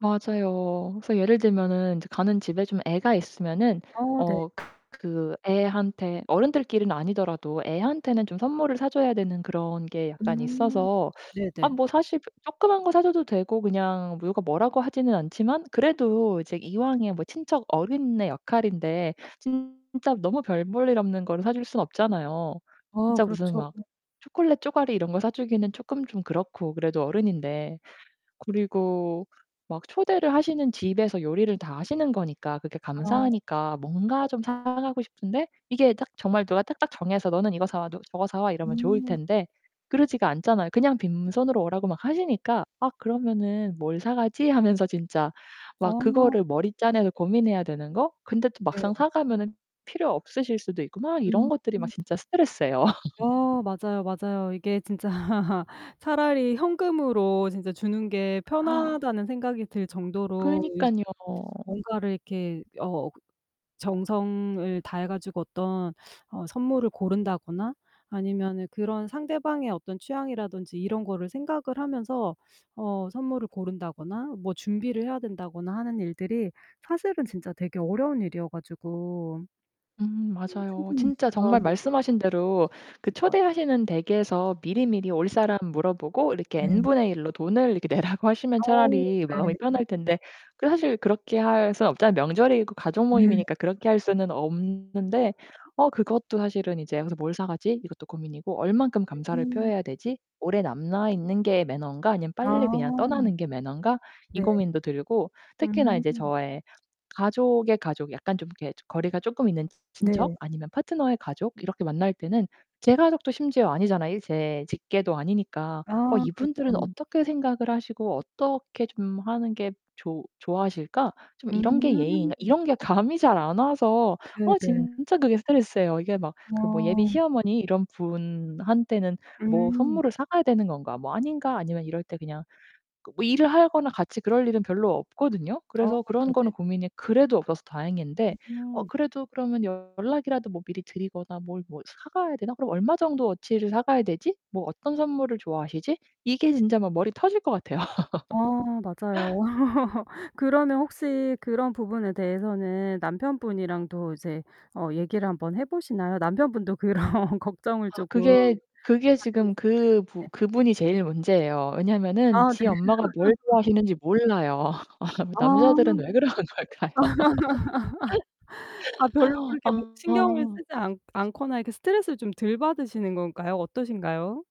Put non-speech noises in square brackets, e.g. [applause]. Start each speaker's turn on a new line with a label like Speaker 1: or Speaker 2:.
Speaker 1: 맞아요. 그래서 예를 들면은 인제 가는 집에 좀 애가 있으면은
Speaker 2: 어 네.
Speaker 1: 어 그 애한테 어른들끼리는 아니더라도 애한테는 좀 선물을 사 줘야 되는 그런 게 약간
Speaker 2: 음.
Speaker 1: 있어서
Speaker 2: 네
Speaker 1: 아
Speaker 2: 네.
Speaker 1: 뭐 사실 그 쪼끄만 거 사 줘도 되고 그냥 누가 뭐라고 하지는 않지만 그래도 이제 이왕에 뭐 친척 어른의 역할인데 진짜 너무 별 볼 일 없는 거를 사 줄 수 없잖아요
Speaker 2: 어
Speaker 1: 진짜 무슨
Speaker 2: 그렇죠.
Speaker 1: 막 초콜릿 쪼가리 이런 거 사 주기는 쪼끔 좀 그렇고 그래도 어른인데. 그리고 막 초대를 하시는 집에서 요리를 다 하시는 거니까 그게
Speaker 2: 아. 네네.
Speaker 1: 감사하니까 뭔가 좀 사 가고 싶은데 이게 딱 정말 누가 딱딱 정해서 "너는 이거 사 와. 너 저거 사 와." 이러면 좋을
Speaker 2: 음.
Speaker 1: 텐데 그러지가 않잖아요. 그냥 빈손으로 오라고 막 하시니까 아 그러면은 '뭘 사 가지?' 하면서 진짜 막
Speaker 2: 어.
Speaker 1: 그거를 머리 짜내서 고민해야 되는 거? 근데 또
Speaker 2: 예.
Speaker 1: 막상 사 가면은 필요 없으실 수도 있고 막 이런
Speaker 2: 음.
Speaker 1: 것들이 막 진짜 스트레스예요. [laughs]
Speaker 2: 어 맞아요, 맞아요. 이게 진짜 [laughs] 차라리 현금으로 진짜 주는 게
Speaker 1: [gasps]
Speaker 2: 편하다는 생각이 들 정도로 요새는
Speaker 1: 그러니깐요.
Speaker 2: 뭔가를 이렇게 어 정성을 다해 가지고 어떤 어 선물을 고른다거나 아니면은 그런 상대방의 어떤 취향이라든지 이런 거를 생각을 하면서 어 선물을 고른다거나 뭐 준비를 해야 된다거나 하는 일들이 사실은 진짜 되게 어려운 일이어 가지고
Speaker 1: 음
Speaker 2: 음
Speaker 1: 맞아요.
Speaker 2: 충분히
Speaker 1: 진짜
Speaker 2: 그런
Speaker 1: 정말
Speaker 2: 이제
Speaker 1: 말씀하신 대로 그
Speaker 2: [unintelligible] 것 같아요.
Speaker 1: 초대하시는 댁에서 미리미리 올 사람 물어보고 이렇게
Speaker 2: 네.
Speaker 1: N분의 일로 돈을 이렇게 내라고 하시면
Speaker 2: 어
Speaker 1: 차라리 마음이
Speaker 2: 네.
Speaker 1: 편할 텐데 그 사실 그렇게 할 순 없잖아요. 명절이고
Speaker 2: 네.
Speaker 1: 가족모임이니까
Speaker 2: 그쵸.
Speaker 1: 그렇게 할 수는 없는데 어 그것도 사실은 이제 여기서 '뭘 사 가지?' 이것도 고민이고 '얼만큼 감사를
Speaker 2: 음.
Speaker 1: 표해야 되지? 오래 남아 있는 게 매너인가 아니면
Speaker 2: 아.
Speaker 1: 빨리 그냥 떠나는 게 매너인가?' 이
Speaker 2: 네.
Speaker 1: 고민도 들고 특히나 이제
Speaker 2: 음
Speaker 1: 저의 가족의 가족 약간 좀 이렇게 조 거리가 쪼끔 있는 친척
Speaker 2: 네.
Speaker 1: 아니면 파트너의 가족 이렇게 만날 때는 제 가족도 심지어 아니잖아 이 제 직계도 아니니까. '어
Speaker 2: 아
Speaker 1: 이분들은
Speaker 2: 그렇죠.
Speaker 1: 어떻게 생각을 하시고 어떻게 좀 하는 게 좋 좋아하실까? 좀 이런 게 예의인가?'
Speaker 2: 음.
Speaker 1: 이런 게 감이 잘 안 와서
Speaker 2: 네
Speaker 1: 어
Speaker 2: 네.
Speaker 1: 진짜 그게 스트레스예요. 이게 막 그 뭐 '예비
Speaker 2: 어.
Speaker 1: 시어머니 이런 분한테는 뭐
Speaker 2: 음.
Speaker 1: 선물을 사 가야 되는 건가? 뭐 아닌가?' 아니면 이럴 때 그냥 뭐 일을 하거나 같이 그럴 일은 별로 없거든요.
Speaker 2: 어
Speaker 1: 그래서 그런
Speaker 2: 네
Speaker 1: 거는
Speaker 2: 네.
Speaker 1: 고민이 그래도 없어서 다행인데 어
Speaker 2: 음.
Speaker 1: 그래도 '그러면 연락이라도 뭐 미리 드리거나 뭘 뭐 사 가야 되나? 그럼 얼마 정도 어치를 사가야 되지? 뭐 어떤 선물을 좋아하시지?' 이게 진짜 막 머리 터질 것 같아요.
Speaker 2: 어 맞아요.
Speaker 1: [laughs]
Speaker 2: [laughs] 그러면 혹시 그런 부분에 대해서는 남편분이랑도 이제 어 얘기를 한번 해 보시나요? 남편분도 그런 걱정을
Speaker 1: 아
Speaker 2: 쪼끔
Speaker 1: 그게,
Speaker 2: 가지고
Speaker 1: 그게
Speaker 2: 있을
Speaker 1: 지금
Speaker 2: 것
Speaker 1: 그 부
Speaker 2: 같은데.
Speaker 1: 그분이 제일 문제예요. 왜냐면은
Speaker 2: 아
Speaker 1: 지
Speaker 2: 네.
Speaker 1: 엄마가 뭘
Speaker 2: [laughs]
Speaker 1: 좋아하시는지 몰라요. [laughs] 아
Speaker 2: 아.
Speaker 1: 남자들은 왜 그러는 걸까요?
Speaker 2: [laughs] 아 별로
Speaker 1: [laughs]
Speaker 2: 그렇게 막 신경을
Speaker 1: 아.
Speaker 2: 쓰지 않 않거나 이렇게 스트레스를 좀 덜 받으시는 건가요? 어떠신가요?